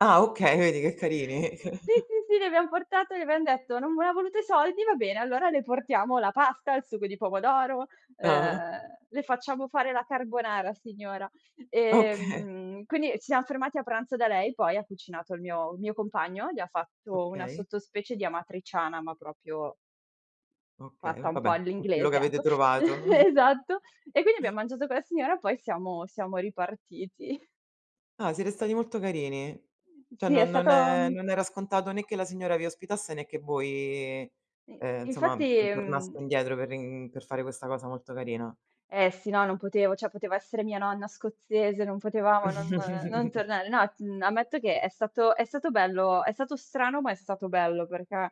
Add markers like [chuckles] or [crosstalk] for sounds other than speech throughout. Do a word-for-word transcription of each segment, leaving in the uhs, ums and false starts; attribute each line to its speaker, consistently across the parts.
Speaker 1: Ah, okay, vedi che
Speaker 2: [laughs]
Speaker 1: carini?
Speaker 2: Sì,
Speaker 1: [chuckles]
Speaker 2: sì, sì, le abbiam portate, le abbiam detto: "Non voleva ha voluto i soldi? Va bene, allora le portiamo la pasta, il sugo di pomodoro,
Speaker 1: Ah-ah.
Speaker 2: ehm, le facciamo fare la carbonara signora".
Speaker 1: oka
Speaker 2: Ehm, quindi ci siam fermati a pranzo da lei, poi ha cucinato il mio mio compagno, gli ha fatto una
Speaker 1: Okay.
Speaker 2: sottospecie di amatriciana, ma propio
Speaker 1: Okay,
Speaker 2: fatta
Speaker 1: v
Speaker 2: un po'
Speaker 1: vabbè, con quello che
Speaker 2: all'inglese,
Speaker 1: avete
Speaker 2: ecco
Speaker 1: trovato. [chuckles]
Speaker 2: [laughs] Esatto, e quindi abbiam
Speaker 1: [chuckles]
Speaker 2: mangiato co la signora, poi siamo siamo ripartiti. [chuckles]
Speaker 1: Ah, siete stati molto carini. ceh,
Speaker 2: Sì, è
Speaker 1: non non
Speaker 2: stato,
Speaker 1: è
Speaker 2: uhm
Speaker 1: non era scontato né che la signora vi ospitasse né che voi,
Speaker 2: In
Speaker 1: ehm, nsomma,
Speaker 2: infatti,
Speaker 1: uhm, tornaste
Speaker 2: mhmm
Speaker 1: indietro per rin per fare questa cosa molto carina.
Speaker 2: Eh sì, no, non potevo, ceh poteva essere mia nonna scozzese, non potevamo non, ehm, non
Speaker 1: [chuckles]
Speaker 2: tornare. No, t ammetto che è stato è stato bello è stato strano, ma è stato bello, perché,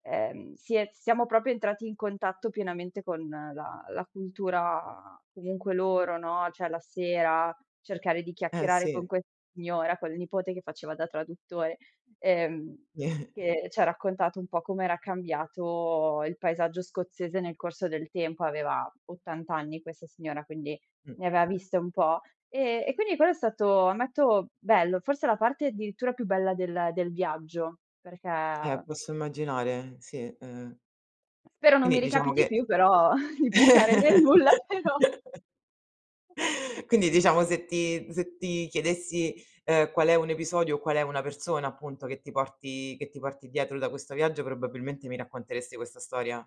Speaker 2: ehm, si è siamo proprio entrati in contatto pienamente con la la cultura comunque loro, no, ceh la sera cercare di
Speaker 1: Eh,
Speaker 2: chiacchierare con
Speaker 1: sì.
Speaker 2: questa signora, col nipote che faceva da traduttore, ehm,
Speaker 1: [chuckles]
Speaker 2: che c'ha raccontato un po' com'era cambiato il paesaggio scozzese nel corso del tempo. Aveva ottanta anni questa signora, quindi
Speaker 1: Mh.
Speaker 2: ne aveva viste un po'. Ehm, e quindi quello è stato, ammetto bello, forse la parte addirittura più bella del del viaggio, perché,
Speaker 1: Eh,
Speaker 2: ehm
Speaker 1: posso immaginare. Sì, ehm
Speaker 2: Spero non
Speaker 1: Quindi
Speaker 2: mi
Speaker 1: diciamo
Speaker 2: ricapiti
Speaker 1: che
Speaker 2: più, però [chuckles] di bucare nel
Speaker 1: [laughs]
Speaker 2: nulla, però.
Speaker 1: Quindi
Speaker 2: [chuckles]
Speaker 1: diciamo se ti se ti chiedessi, ehm, qual è un episodio o qual è una persona, appunto, che ti porti che ti porti dietro da questo viaggio, probabilmente mi racconteresti questa storia?